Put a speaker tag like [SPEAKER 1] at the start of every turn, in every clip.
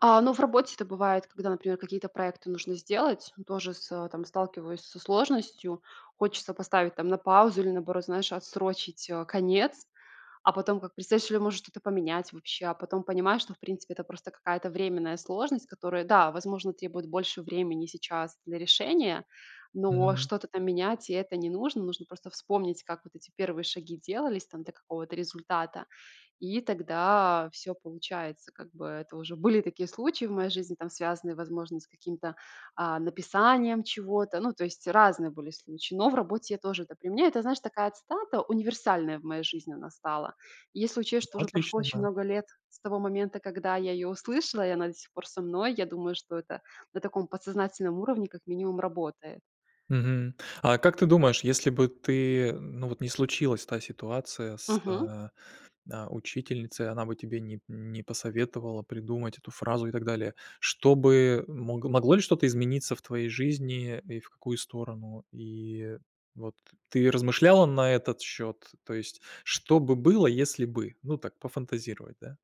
[SPEAKER 1] А, ну в работе это бывает, когда, например, какие-то проекты нужно сделать. Тоже с э, там сталкиваюсь со сложностью. Хочется поставить там на паузу или, наоборот, знаешь, отсрочить, э, конец. А потом как представишь или, может, что-то поменять вообще, а потом понимаешь, что в принципе это просто какая-то временная сложность, которая, да, возможно, требует больше времени сейчас для решения, но
[SPEAKER 2] Мгм.
[SPEAKER 1] что-то там менять- и это не нужно. Нужно просто вспомнить, как вот эти первые шаги делались там до какого-то результата, и тогда всё получается как бы. Это уже были такие случаи в моей жизни там, связанные, возможно, с каким-то, а, написанием чего-то. Ну, то есть разные были случаи, но в работе я тоже это применяю. Это, знаешь, такая цитата: универсальная в моей жизни она стала. Если
[SPEAKER 2] Ну,
[SPEAKER 1] учесть, что уже прошло
[SPEAKER 2] отлично.
[SPEAKER 1] очень
[SPEAKER 2] Да.
[SPEAKER 1] много лет с того момента, когда я ее услышала, и она до сих пор со мной, я думаю, что это на таком подсознательном уровне как минимум работает.
[SPEAKER 2] Мгм. А как ты думаешь, если бы ты ну, вот не случилась та ситуация с,
[SPEAKER 1] Мгм.
[SPEAKER 2] э, э, учительницей, она бы тебе не не посоветовала придумать эту фразу и так далее, что бы мог могло ли что-то измениться в твоей жизни и в какую сторону? И вот ты размышляла на этот счёт? То есть что бы было, если бы? Ну так, пофантазировать, да.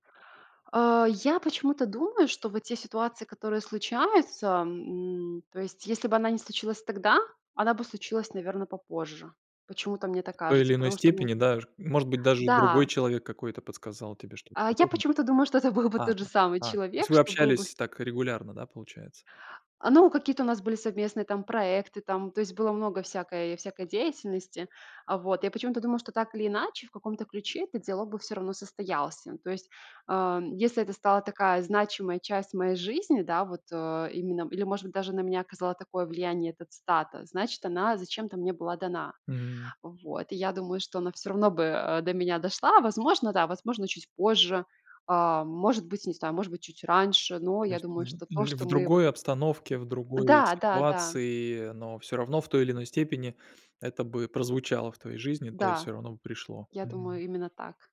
[SPEAKER 1] Э, я почему-то думаю, что вот те ситуации, которые случаются, м, то есть если бы она не случилась тогда, она бы случилась, наверно, попозже. Почему-то мне так
[SPEAKER 2] В той
[SPEAKER 1] кажется.
[SPEAKER 2] или иной
[SPEAKER 1] Потому что мне
[SPEAKER 2] степени, да, ж может быть даже другой
[SPEAKER 1] Да.
[SPEAKER 2] человек какой-то подсказал тебе что-то
[SPEAKER 1] А, я
[SPEAKER 2] подобное.
[SPEAKER 1] почему-то думаю, что это был бы
[SPEAKER 2] А,
[SPEAKER 1] тот же
[SPEAKER 2] а.
[SPEAKER 1] самый
[SPEAKER 2] А, то есть
[SPEAKER 1] человек,
[SPEAKER 2] вы
[SPEAKER 1] что был бы вс
[SPEAKER 2] общались так регулярно, да, получается?
[SPEAKER 1] А, ну, какие-то у нас были совместные там проекты там, то есть было много всякой всякой деятельности. Э, вот. Я почему-то думала, что так или иначе в каком-то ключе этот диалог бы всё равно состоялся. То есть, а, если это стала такая значимая часть моей жизни, да, вот, э, именно или, может быть, даже на меня оказала такое влияние эта цитата, значит, она зачем-то мне была дана.
[SPEAKER 2] М.
[SPEAKER 1] Вот. И я думаю, что она всё равно бы, э, до меня дошла. Возможно, да, возможно, чуть позже, а, может быть, не знаю, может быть, чуть раньше, но
[SPEAKER 2] То
[SPEAKER 1] я
[SPEAKER 2] есть в
[SPEAKER 1] думаю,
[SPEAKER 2] ль
[SPEAKER 1] что то,
[SPEAKER 2] или
[SPEAKER 1] что
[SPEAKER 2] в
[SPEAKER 1] мы вот
[SPEAKER 2] другой обстановке, в другой
[SPEAKER 1] Да, да, да.
[SPEAKER 2] ситуации, но всё равно в той или иной степени это бы прозвучало в твоей жизни, да, и
[SPEAKER 1] Да.
[SPEAKER 2] всё равно бы пришло.
[SPEAKER 1] Я
[SPEAKER 2] Мгм.
[SPEAKER 1] думаю, именно так.